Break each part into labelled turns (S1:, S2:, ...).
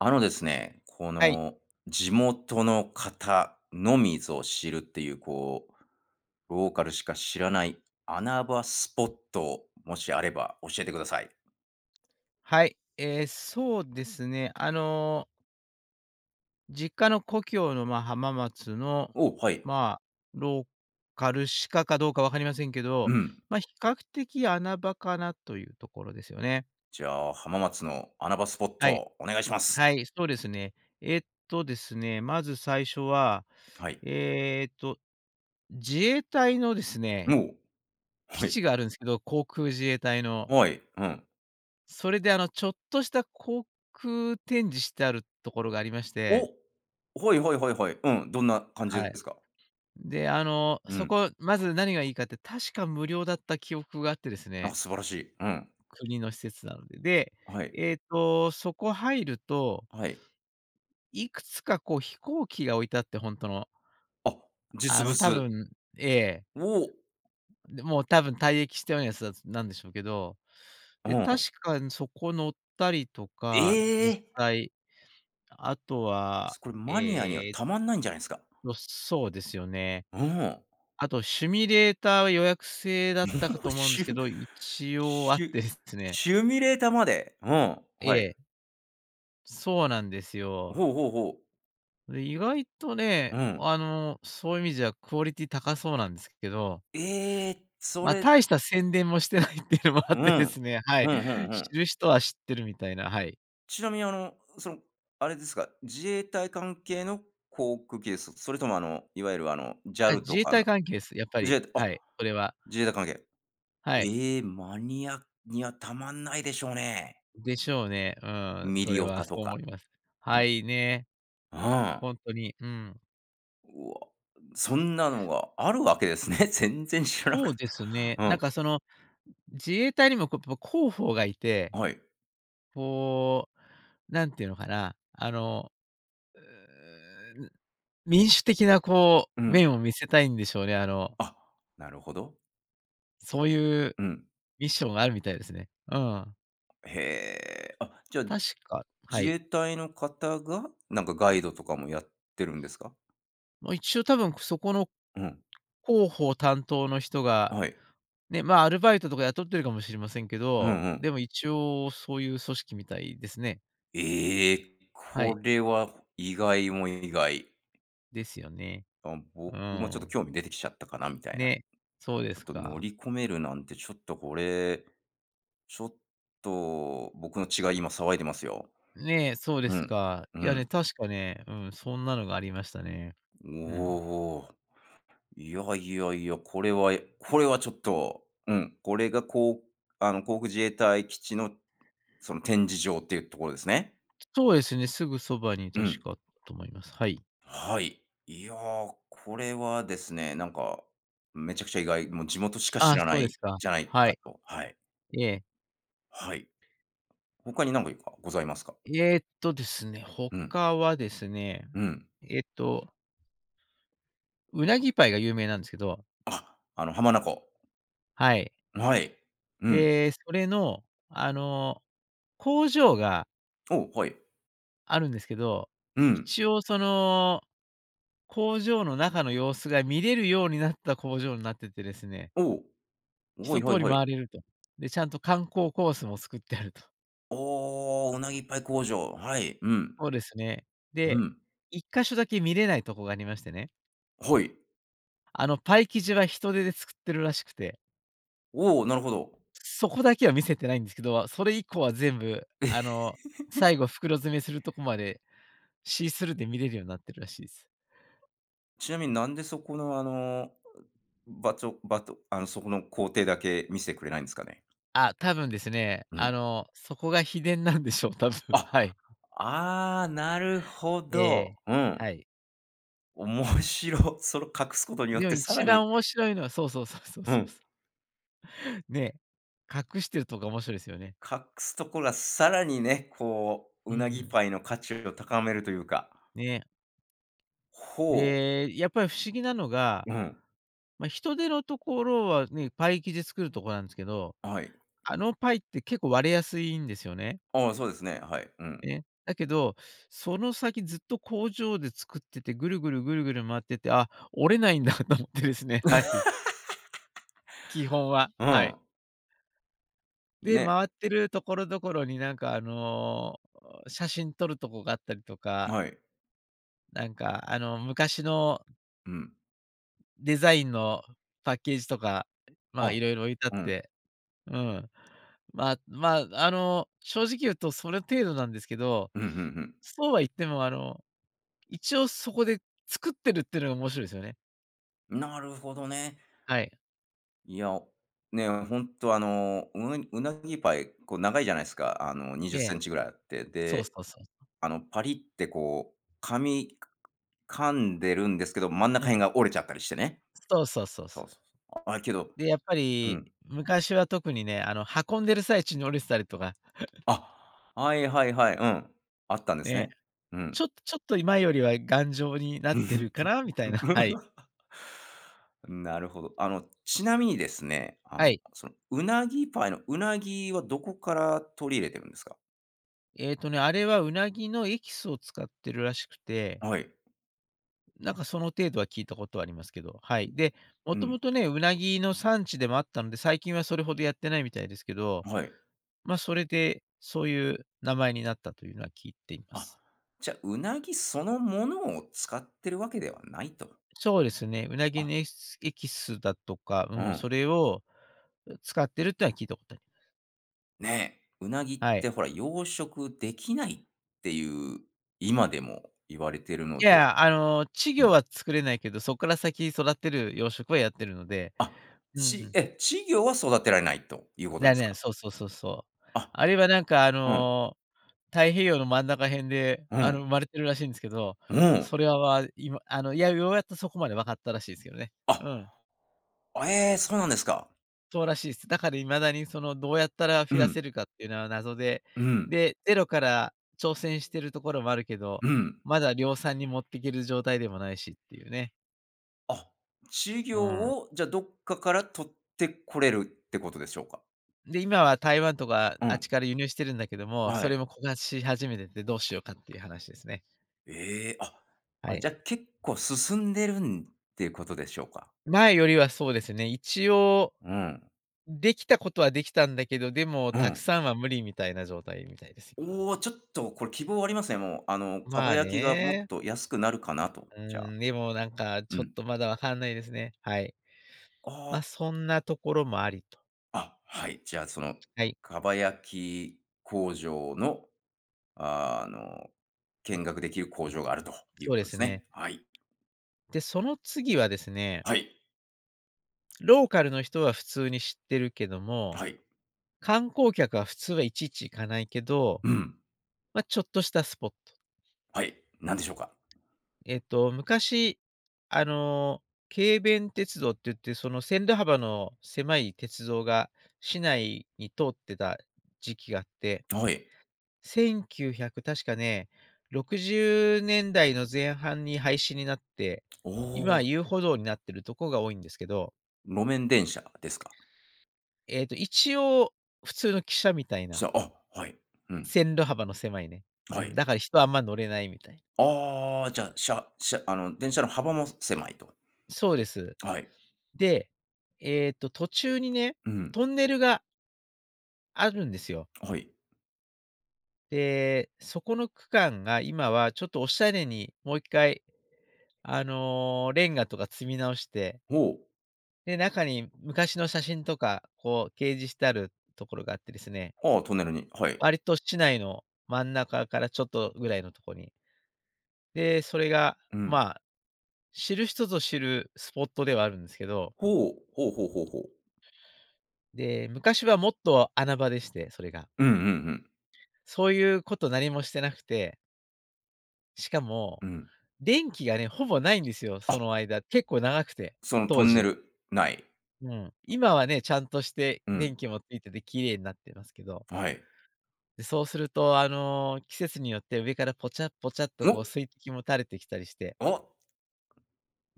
S1: あのですね。こ
S2: はい。
S1: の、地
S2: [unintelligible]
S1: 元の方のみぞ知るっていう、こう、ローカルしか知らない穴場スポットを、もしあれば教えてください。
S2: はい、ええ、そうですね、あの実家の故郷の、まあ、浜松の、
S1: お、はい。
S2: まあ、ローカルしかか、どうか分かりませんけど。
S1: うん。
S2: ま、比較的穴場かなというところですよね。
S1: じゃあ、浜松の穴場スポッ
S2: はい。
S1: ト、お願いします。
S2: はい、そうですね。えっとですね、まず最初は、
S1: はい。
S2: えっと、自衛隊のですね、
S1: おお、
S2: 基
S1: はい。
S2: 地があるんすけど、航空自衛隊の。
S1: はい、うん。
S2: それであの、ちょっとした航空展示してあるところがありまし
S1: お、
S2: て。
S1: はいはいはいはい。うん、どんな感じで
S2: はい。
S1: すか？
S2: で、あの、
S1: う
S2: そ
S1: ん。
S2: こ、まず何がいいかって、確か無料だった記憶があってです
S1: あ、
S2: ね
S1: 素晴らしい。うん。
S2: 国の施設なので。で、
S1: あ、はい。
S2: えっと、そこ入ると
S1: はい。
S2: いくつかこう飛行機が置いてあって、ほんとの。
S1: あ、
S2: あ
S1: 実
S2: の、多
S1: 物？う
S2: 分ええ。
S1: お。
S2: で、もう多分退役したようなやつ、だつなんでしょうけど。
S1: お
S2: で、
S1: おん。
S2: 確かにそこ乗ったりとか、実
S1: え！
S2: 際。あとは、
S1: つこれマニアには
S2: ええ
S1: たまんないんじゃないすか？
S2: ろ、そうですよね。
S1: うん、お。
S2: あとシミュレーターは予約制だっ
S1: も
S2: たかと
S1: う。
S2: 思うんで
S1: シ
S2: すけ
S1: ュ
S2: ど、一応あっ
S1: シュ
S2: てですね。
S1: シュミュレータまで、うん、
S2: え
S1: はい。
S2: え。そうなんですよ。
S1: ほうほうほう。
S2: で、意外とね、
S1: うん。
S2: あの、そういう意味じゃ、クオリティ高そうなんですけど
S1: ええ、そ
S2: まあ、
S1: れ
S2: 大した宣伝もしてないっていうのもあ
S1: う
S2: っ
S1: ん、
S2: てですね。はい、
S1: うん、ふんふ
S2: 知
S1: ん。
S2: る人は知ってるみたいな、はい。
S1: ちなみにあの、その、あれですか、自衛隊関係の航空機です？それともあの、いわゆるあの、
S2: あ、
S1: JAL
S2: 自
S1: と
S2: 衛
S1: か
S2: 隊
S1: の
S2: 関係す。やっぱ
S1: 自
S2: り、
S1: 衛あ、
S2: はい、これは。
S1: 自衛隊関係。
S2: はい。
S1: ええ、マニアにはたまんないでしょうね。
S2: でしょうね、うん。
S1: ミ
S2: そ
S1: リ
S2: れ
S1: オ
S2: は
S1: タと
S2: そう思
S1: か。
S2: います。は
S1: [unintelligible]
S2: い、ね。
S1: うん。
S2: ほんとに、うん。
S1: うわ、そんなのがあるわけですね。全然知らな
S2: そ
S1: か
S2: う
S1: っ
S2: です
S1: た。
S2: ね、
S1: う
S2: なん
S1: ん。
S2: かその、自衛隊にもこう、ぽ広報が居て、
S1: あ、はい。
S2: こう、何て言うのかな、あの、うーん。民主的なこ
S1: う
S2: う、
S1: ん。
S2: 面を見せたいんでしょうね、あの
S1: あ、なるほど。
S2: そういう
S1: うん。
S2: ミッションがあるみたいですね。うん。
S1: へえ。あ、じゃ、
S2: 確かは
S1: 自
S2: い。
S1: 衛隊の方が、なんかガイドとかもやってるんですか？
S2: ま、一応多分、くそこの
S1: うん。
S2: 広報担当の人が、
S1: あ、はい。
S2: ね、ま、アルバイトとか雇ってるかもしれませんけ
S1: うん
S2: ど、
S1: うん。
S2: でも一応そういう組織みたいですね。
S1: ええ、
S2: は
S1: こ
S2: い。
S1: れは意外も意外。
S2: ですよね。
S1: あ、
S2: う
S1: 僕もちょっと
S2: ん。
S1: 興味出てきちゃったかな、みたいな。
S2: ね、そうで
S1: ちょっ
S2: す
S1: と乗
S2: か。
S1: り込めるなんて、ちょっとこれ、ちょっと、僕の血が今騒いでますよ。
S2: ねえ、そうで
S1: う
S2: す
S1: ん、
S2: か。
S1: う
S2: いやね、
S1: ん。
S2: 確かね、うん、そんなのがありましたね。
S1: お
S2: うん。
S1: お。いやいやいや、これはえこれはちょっと、うん。これがこう、あの、航空自衛隊基地の、その展示場っていうところですね。
S2: そうですね、すぐそばに
S1: う
S2: 確
S1: ん。
S2: かあっと思います。はい。
S1: はい。いや、これはですね、なんか、めちゃくちゃ意外。もう地元しか知
S2: あ、
S1: らな
S2: そうで
S1: い、
S2: すか。
S1: じゃない
S2: は
S1: か
S2: い。
S1: と。はい。
S2: ええ。
S1: はい。他に何かいかございますか？
S2: えっとですね、
S1: うん。
S2: 他はですね、
S1: うん。
S2: えっとうなぎパイが有名なんですけど。
S1: あ、あの浜名湖。
S2: はい。
S1: あ、はい。うん。
S2: で、それの、あの、工場が
S1: お、はい。
S2: あるんですけど、
S1: うん。
S2: 一応その、工場の中の様子が見れるようになった工場になっててですね。
S1: おお、は
S2: 一
S1: いはい
S2: 通り
S1: はい。
S2: 回れると。で、ちゃんと観光コースも作ってあると。
S1: おお、うなぎパイ工場。はい。うん。
S2: そうですね。
S1: う
S2: で、
S1: ん。
S2: 一箇所だけ見れないとこがありましてね。
S1: はい。
S2: あの、パイ生地は人手で作ってるらしくて。
S1: おお、なるほど。
S2: そこだけは見せてないんですけど、それ以降は全部、あの、最後袋詰めするとこまで、シースルーで見れるようになってるらしいす。
S1: ちなみになんで、そこの、あの、ばちょばとあのそこの工程だけ見してくれないんですかね？
S2: あ、多分ですね、
S1: う
S2: あ
S1: ん。
S2: の、そこが秘伝なんでしょう、多分。は
S1: あ、
S2: い。
S1: ああ。なるほ
S2: え
S1: ど。
S2: え、
S1: う
S2: は
S1: ん。
S2: い。
S1: おもしろ。それを隠すことによっ
S2: でも
S1: て更
S2: 一
S1: に
S2: 番面白いのはそうそうそうそう
S1: う
S2: そうそ
S1: ん。
S2: う。ね。隠してるとか面白いですよね。
S1: 隠すところは更にね、こう、
S2: う
S1: うなぎ
S2: ん。
S1: パイの価値を高めるというか。
S2: ね。
S1: ほう。
S2: で、やっぱり不思議なのが、
S1: うん。
S2: ま、人手のところはね、パイ生地作るとこなんですけど。
S1: あ、はい。
S2: あのパイって結構割れやすいんですよね。
S1: ああ、そうですね。はい。う
S2: で
S1: ん。
S2: ね、だけど、その先ずっと工場で作ってて、ぐるぐるぐるぐる回ってて、あ、折れないんだと思ってですね、はい。基本は、
S1: う
S2: はい。
S1: ん。
S2: で、
S1: ね。
S2: 回ってるところどころになんか、あの、写真撮るとこがあったりとか
S1: はい。
S2: なんか、あの、昔の
S1: うん。
S2: デザインのパッケージとか、まあ、
S1: あ、
S2: 色々置いてあっ
S1: うん。
S2: て、うん。まま、あの、正直言うとそれ程度なんですけど、
S1: うん、ふんふん。
S2: そうは言ってもあの、一応そこで作ってるってのが面白いすよね。
S1: なるほどね。
S2: はい。
S1: いや、お、ね、ほんと、あの、うえうなぎパイ、こう、長いじゃないすか。あの、にじゅ
S2: え
S1: っセ
S2: え。
S1: ンチぐらいあって。
S2: そうそ
S1: で、
S2: うそうそう。
S1: あの、パリッってこう、噛み噛んでるんですけど、真ん中
S2: うん。
S1: 辺が折れちゃったりしてね。
S2: そうそうそう
S1: そ
S2: そ
S1: う
S2: う。
S1: そうそう、あ、けど
S2: で、やっぱ
S1: う
S2: り、
S1: ん。
S2: 昔は特にね、あの、運んでる最中に折れすたりとか。
S1: あ、はいはいはい。うん。あったんです
S2: ね。
S1: ね。う
S2: ち
S1: ん。
S2: ょちょっと今よりは、頑丈になっ
S1: う
S2: てる
S1: ん。
S2: かなみたいな、はい。
S1: なるほど。あの、ちなみにですね、あの、
S2: はい。
S1: その、うなぎパイのウナギはどこから取り入れてるんですか？
S2: えっとね、あれは、ウナギのエキスを使ってるらしくて
S1: はい。
S2: なんか、その程度は聞いたことありますけど、はい。で、も
S1: う
S2: とも
S1: ん。
S2: とね、ウナギの産地でもあったので、最近はそれほどやってないみたいですけど、
S1: あ、はい。
S2: ま、それで、そういう名前になったというのは聞いていま
S1: あ、
S2: す。
S1: じゃ、うなぎそのものを使ってるわけではないと。
S2: そうですね、ウナギ
S1: あ。
S2: の、えっすエキスだとか、
S1: う
S2: うん、
S1: ん。
S2: それを、う、使ってるっていうのは、聞いたことあります。
S1: ね。ウナギっ
S2: はい。
S1: てほら、養殖できないっていう今でも言われてるの
S2: い
S1: で。
S2: や、あの、稚
S1: う
S2: 魚
S1: ん。
S2: は作れないけど、そっから先育てる養殖はやってるので、
S1: あ、
S2: うんう
S1: ち
S2: ん。
S1: え、稚魚は育てられないということ
S2: な
S1: で
S2: あ、
S1: す
S2: ねん
S1: か？
S2: そうそうそうそう。
S1: あ、
S2: あれは、なんかあ
S1: うん。
S2: の、太平洋の真ん中辺で、
S1: う
S2: あの、
S1: ん。
S2: 生まれてるらしいんですけど、
S1: うん。
S2: それは、まあ、今あの、いや、ようやっとそこまで分かったらしいすけどね。
S1: あ。
S2: うん。
S1: あ、ええ、そうなんですか。
S2: そうらしいっす。だから、未だに、その、どうやったら
S1: う
S2: 増や
S1: ん。
S2: せるかっていうのは謎で、
S1: うん。
S2: で、ゼロから挑戦してるところもあるけど、
S1: うん。
S2: まだ量産に持ってける状態でもないしっていうね。
S1: あ、稚
S2: う
S1: 魚
S2: ん。
S1: を、じゃ、どっかから捕ってこれるってことでしょうか？
S2: で、今は台湾とか
S1: う
S2: あっ
S1: ん。
S2: ちから輸入してるんだけども、
S1: は
S2: それ
S1: い。
S2: も枯渇し始めててどうしようかっていう話ですね。
S1: え、あ
S2: は
S1: あ、
S2: い。
S1: じゃ結構進んでるんっていうことでしょうか？
S2: 前よりはそうですね。一応、
S1: うん。
S2: できたことはできたんだけど、でも
S1: う
S2: たく
S1: ん。
S2: さんは無理みたいな状態みたいです、今。
S1: おお、ちょっとこれ希望はありますね、もう、あの、蒲
S2: まあ
S1: 焼きがもっ
S2: ね。
S1: と安くなるかなと、
S2: う
S1: じゃ
S2: ー
S1: あ。
S2: ん、でもなんか、
S1: う
S2: ちょっ
S1: ん。
S2: とまだ分かんないですね、はい。
S1: あ
S2: ま、
S1: あ。
S2: そんなところもありと。
S1: あ、はい、じゃあその、
S2: はい。
S1: 蒲焼き工場の、あの、見学できる工場があるという
S2: そう
S1: こ
S2: で
S1: とで
S2: す
S1: す
S2: ね。
S1: ね。はい。
S2: で、その次はですね。
S1: はい。
S2: ローカルの人は普通に知ってるけど
S1: あ、
S2: も、
S1: はい。
S2: 観光客は普通はいちいち行かないけど、
S1: うん。
S2: ま、ちょっとしたスポット。
S1: はい、何でしょうか。
S2: えっと昔、あの、軽便鉄道って言って、その線路幅の狭い鉄道が市内に通ってた時期があって
S1: はい。
S2: 1900、確かね、60年代の前半に廃止になって、
S1: お
S2: 今、
S1: お。
S2: 遊歩道になってるとこが多いんですけど。
S1: 路面電車ですか？
S2: えっと、一応普通の汽車みたい
S1: 汽
S2: な
S1: 車、あ、はい。うん。
S2: 線路幅の狭いね、う
S1: は
S2: ん、
S1: い。
S2: だから人あんま乗れないみたい。
S1: ああ、じゃ、しゃしゃあの電車の幅も狭いと。
S2: そうです。
S1: はい。
S2: で、えっと途中にね、
S1: うん。
S2: トンネルがあるんですよ。
S1: はい。
S2: で、そこの区間が今はちょっと、おしゃれにもう1回、あの、レンガとか積み直して
S1: ほう。
S2: で、中に昔の写真とか、こう掲示してあるところがあってですね。
S1: ああ、トンネルに、はい。
S2: 割と市内の真ん中からちょっとぐらいのとこに。で、それが、
S1: うん。
S2: ま、知る人ぞ知るスポットではあるんですけど。
S1: ほう、ほうほうほうほう。
S2: で、昔はもっと穴場でして、それが。
S1: うんうんうん。
S2: そういうこと何もしてなくて。しかも、
S1: うん。
S2: 電気がね、ほぼないんですよ、
S1: あ。
S2: その間、結構長くて、
S1: そのト
S2: 当
S1: ンネ
S2: 時。
S1: ル、内。
S2: うん、今はね、ちゃんとして
S1: うん。
S2: 電気もついてて綺麗になってますけど。
S1: はい。
S2: で、そうすると、あの、季節によって上からぽちゃ、ぽちゃっと、こう
S1: お。
S2: 水滴も垂れてきたりして。
S1: お。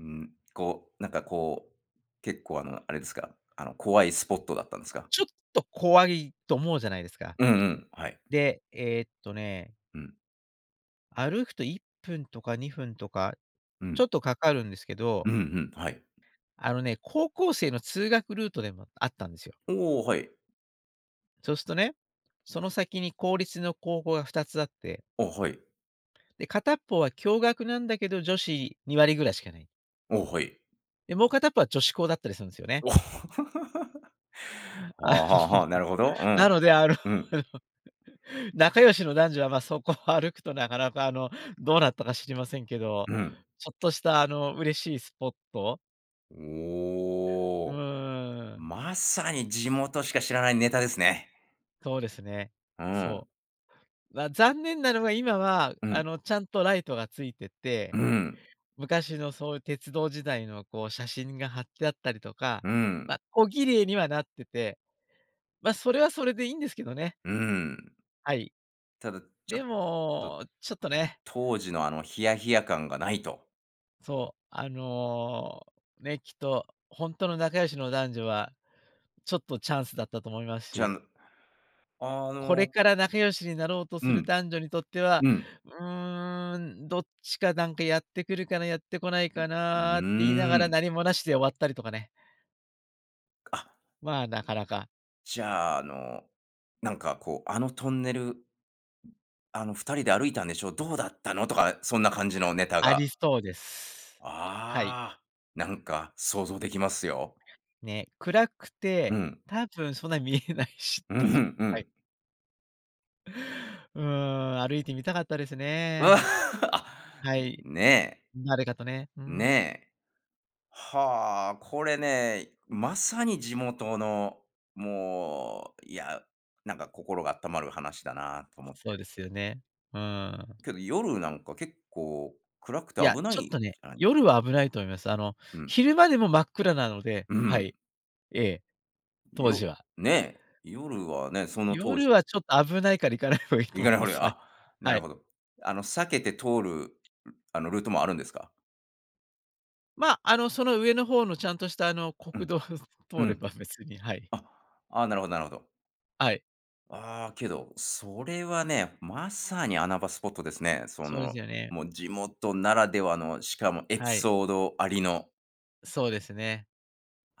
S1: うん、こう、なんかこう、結構あの、あれですか、あの怖いスポットだったんですか？
S2: ちょっと、怖いと思うじゃないですか？
S1: うんうん。はい。
S2: で、えっとね。
S1: うん。
S2: 歩くと1分とか、2分とか、
S1: う
S2: ち
S1: ん。
S2: ょっと掛かるんですけ
S1: う
S2: ど
S1: んうん、はい。
S2: あのね、高校生の通学ルートでもあったんですよ。
S1: おお、はい。
S2: そうすとね、その先に公立の高校が2つあって
S1: お、はい。
S2: で、片っぽは、共学なんだけど、女子2割ぐらいしかない。
S1: お、はい。
S2: で、もう片っ方は、女子校だったりするんすよね。
S1: お。
S2: あ
S1: ああ、はあ
S2: の
S1: はあ、なるほど。う
S2: な
S1: ん。
S2: ので、あの、
S1: うん。
S2: 仲良しの男女は、まあ、そこを歩くと、なかなか、あの、どうなったか知りませんけど、
S1: うん。
S2: ちょっとした、あの、嬉しいスポット。
S1: お
S2: う
S1: お、
S2: ーん。
S1: まさに地元しか知らないネタですね。
S2: そうですね、
S1: うん。
S2: そう。ま、残念なのが、今は、
S1: う
S2: あ
S1: ん。
S2: の、ちゃんとライトが付いて
S1: う
S2: て、
S1: ん。
S2: 昔のそういう鉄道時代の、こう、写真が貼ってあったりとか、
S1: うん。
S2: ま、小綺麗にはなってて、ま、それは、それでいいんですけどね。
S1: うん。
S2: はい。
S1: ただ、ちょ
S2: で
S1: っと
S2: も、ちょっとね。
S1: 当時のあのヒヤヒヤ感がないと。
S2: そう、あの、ね、きっとほんとの仲良しの男女はちょっと、チャンスだったと思います
S1: じゃ、
S2: し。
S1: んあ
S2: これ
S1: の
S2: から仲良しになろうと
S1: う
S2: する
S1: ん。
S2: 男女にとっては、
S1: うん。
S2: 「うーん、どっちかなんかやってくるかな、やってこない
S1: う、
S2: か
S1: う
S2: な」って言いな
S1: ー
S2: がら
S1: ん。
S2: 何も無しで終わったりとかね。
S1: あ。
S2: まあ、なかなか。
S1: じゃあ、あの、なんかこう、あのトンネルあの「二人で歩いたんでしょ？どうだったの？」とかそんな感じのネタ
S2: あ
S1: が。
S2: りそうです。はい。
S1: ああ。なんか想像出来ますよ。
S2: ね、暗く
S1: う
S2: て、
S1: ん。
S2: 多分そんな見えないし
S1: う、
S2: っていう。
S1: ふん、う
S2: はい。
S1: ん。
S2: うん、歩いてみたかったです ね。
S1: あ、
S2: はい。
S1: ねえ。
S2: 誰かとね、うん。
S1: ねえ。はあ、これね、まさに地元の、もう、いや、なんか心があったまる話だなと思って。
S2: そうですよね。うーん。
S1: けど、夜なんか結構暗くて
S2: いや、
S1: 危ない
S2: ちょっ
S1: じ
S2: とね、
S1: ゃない？
S2: 夜は危ないと思います。あの、
S1: うん。
S2: 昼間でも真っ暗なので。
S1: う
S2: は
S1: ん。
S2: い、ええ、当
S1: よ
S2: 時は。
S1: ね、夜はね、その当
S2: 夜
S1: 時。
S2: はちょっと危ないから行かない方がいいと
S1: 行か
S2: 思
S1: な
S2: い
S1: い方
S2: ま
S1: が
S2: す。はい。
S1: あ、な
S2: は
S1: る
S2: い。
S1: ほど。あの、避けて通る、ん、あの、ルートもあるんですか？
S2: まあ、あの、その上の方のちゃんとした、あの、
S1: う
S2: 国
S1: ん、
S2: 道
S1: う
S2: 通れ
S1: ん。
S2: ば別に、はい。
S1: あ、ああ、なるほどなるほど。
S2: はい。
S1: ああ、けど、それはね、まさに穴場スポットですね。そ
S2: そうです
S1: の、
S2: よね。
S1: もう地元ならではの、しかもエピ
S2: はい。
S1: ソードありの。
S2: そうですね。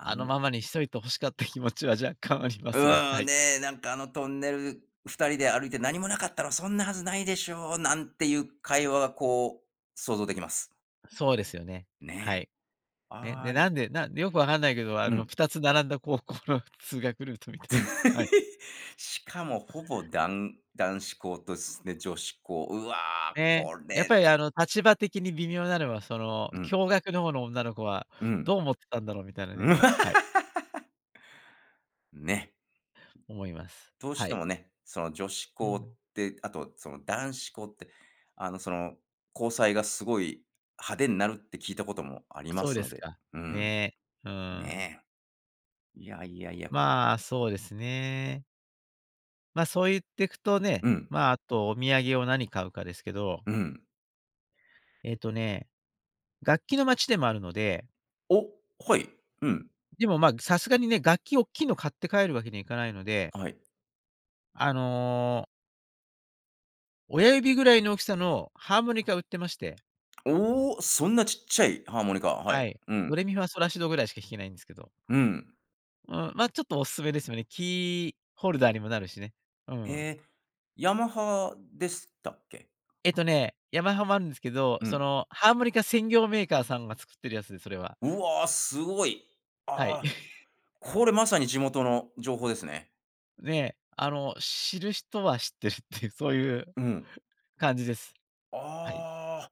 S1: あ
S2: の
S1: の
S2: ままにしといて欲しかった気持ちは若干ありますが、
S1: う
S2: は
S1: ん。
S2: い。
S1: ね。なんかあのトンネル、二人で歩いて何もなかったら、そんなはずないでしょう、なんていう会話がこう、想像できます。
S2: そうですよね、は
S1: ね、
S2: い。ね。で、
S1: あ
S2: な
S1: い
S2: んで、なんよく分かんないけど、あ
S1: う
S2: の、
S1: ん。
S2: 2つ並んだ高校の通学ルートみたい、はい。
S1: しかもほぼ、男男子校とすね、女子校。うわ、
S2: ね、
S1: こ
S2: やっ
S1: れ
S2: ぱりあの、立場的に微妙なのは、その、
S1: うん。
S2: 共学の方の女の子は
S1: うん。
S2: どう思ってたんだろうみたいなね。はい。
S1: ね。
S2: 思います。
S1: どうし
S2: は
S1: て
S2: い。
S1: もね、その、女子
S2: う
S1: 校っ
S2: ん。
S1: て、あとその、男子校って、あの、その、交際がすごい、派手んなるって聞いたこともありま
S2: そう
S1: す
S2: で
S1: の
S2: す
S1: で、
S2: か。
S1: うん。
S2: ね。うん。
S1: ねえ。いやいやいや。
S2: まあ、そうですね。ま、そう言ってくとね、
S1: うん。
S2: まあ、あとお土産を何買うかですけど
S1: うん。
S2: えっとね、楽器の街でもあるので
S1: お！はい。うん。
S2: でも、まあ、ぐさすがにね、楽器おっきいの買って帰るわけにはいかないので
S1: はい。
S2: あの親指ぐらいの大きさのハーモニカ売ってまして。
S1: お！そんなちっちゃいハーモニカ。は
S2: は
S1: い、
S2: い。
S1: う
S2: 「ド
S1: ん。
S2: レミファソラシド」ぐらいしか弾けないんすけど。
S1: うん。
S2: うん、ま、ちょっとおすすめですよね。キーホルダーにもなるしね。うん。
S1: え、ヤマハでしたっけ？
S2: えっとね、ヤマハもあんすけど、
S1: う
S2: そ
S1: ん。
S2: の、ハーモニカ専業メーカーさんが作ってるやつで、それは。
S1: うわ、すごい！
S2: はい。
S1: あ、これまさに地元の情報ですね。
S2: ね、あの、知る人は知ってるっていう、そういう
S1: うん。
S2: 感じです。はい。
S1: ああ。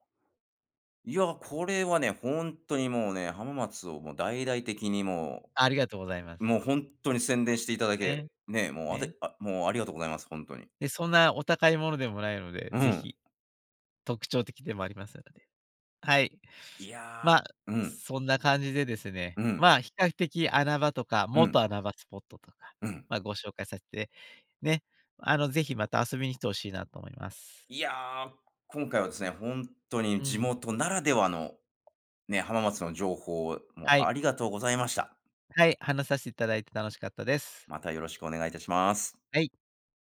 S1: いや、これはね、ほんとにもうね、浜松をもう大々的にも
S2: ありがとうございま
S1: う
S2: す。
S1: もうほんとに宣伝していただけ
S2: ね。
S1: ね、もうあ
S2: ね。
S1: てあ、もうありがとうございます。ほんとに。
S2: で、そんなお高いものでもないので、
S1: う
S2: 是
S1: ん。
S2: 非、特徴的でもありますので。はい。
S1: いや、
S2: ま、
S1: うん。
S2: そんな感じでですね、
S1: うん。
S2: まあ、比較的穴場とか、
S1: う
S2: 元
S1: ん。
S2: 穴場スポットとか、
S1: うん。
S2: ま、ご紹介させて、ね、あの、是非また遊びに来て欲しいなと思います。
S1: いや、今回はですね、ほんとに
S2: う
S1: 地
S2: ん。
S1: 元ならではのね、浜松の情報を、も
S2: は
S1: う、
S2: い。
S1: ありがとうございました。
S2: はい、話さしいただいて楽しかったです。
S1: また、よろしくお願いいたします。
S2: はい。